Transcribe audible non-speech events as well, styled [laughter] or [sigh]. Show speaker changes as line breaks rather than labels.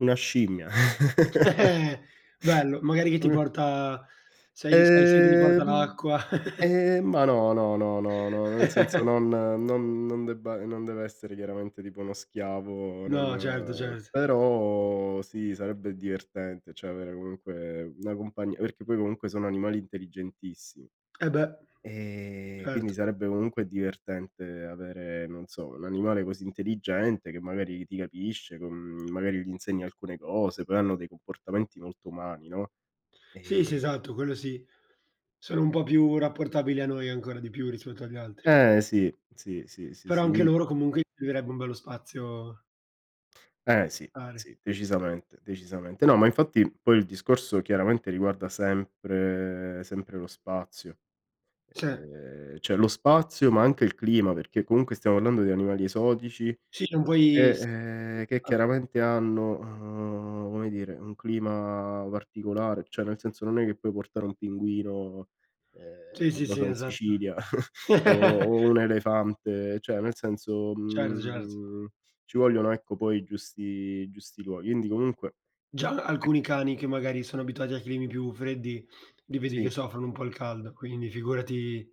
Una scimmia.
[chuckles] Bello,
[laughs]
magari che ti
Una
porta se hai se hai sete ti
Ehm,
porta
m
l'acqua. [chuckles]
ehm, ma no, no, no, no, no, nel senso
[chuckles]
non non non debba non deve essere chiaramente tipo uno schiavo
No certo,
non
cert
però sì sarebbe divertente cioè avere comunque una compagnia, perché poi comunque sono animali intelligentissimi.
Eh beh,
Ehm, quindi
certo.
sarebbe comunque divertente avere non so, un animale così intelligente che magari ti capisce con magari gli insegni alcune cose poi hanno dei comportamenti molto umani, no,
Sì, sì
ehm
esatto, quello sì. Sono un po' più rapportabili a noi, ancora di più rispetto agli altri.
Eh sì, sì, sì, sì,
Però
sì
anche a
mi
loro comunque servirebbe un bello spazio
Eh sì,
[unintelligible]
sì decisamente, decisamente. No, ma infatti poi il discorso chiaramente riguarda sempre sempre lo spazio.
Se.
Ehm, cioè lo spazio ma anche il clima, perché comunque stiamo parlando di animali esotici
Sì non
e,
puoi s
ehm, che
[unintelligible]
chiaramente hanno, uhm, come dire, un clima particolare, cioè nel senso non è che puoi portare un pinguino, ehm,
Sì,
non
sì,
lo
sì,
so, in
esatto.
Sicilia [chuckles] o
[laughs]
o un elefante, cioè nel senso,
Certo, cert
mhmm, ci vogliono ecco poi i giusti i giusti luoghi. Quindi comunque
Già
e
alcuni cani che magari sono abituati ai climi più freddi, li vedi che
Sì.
soffrono un po' il caldo, quindi figurati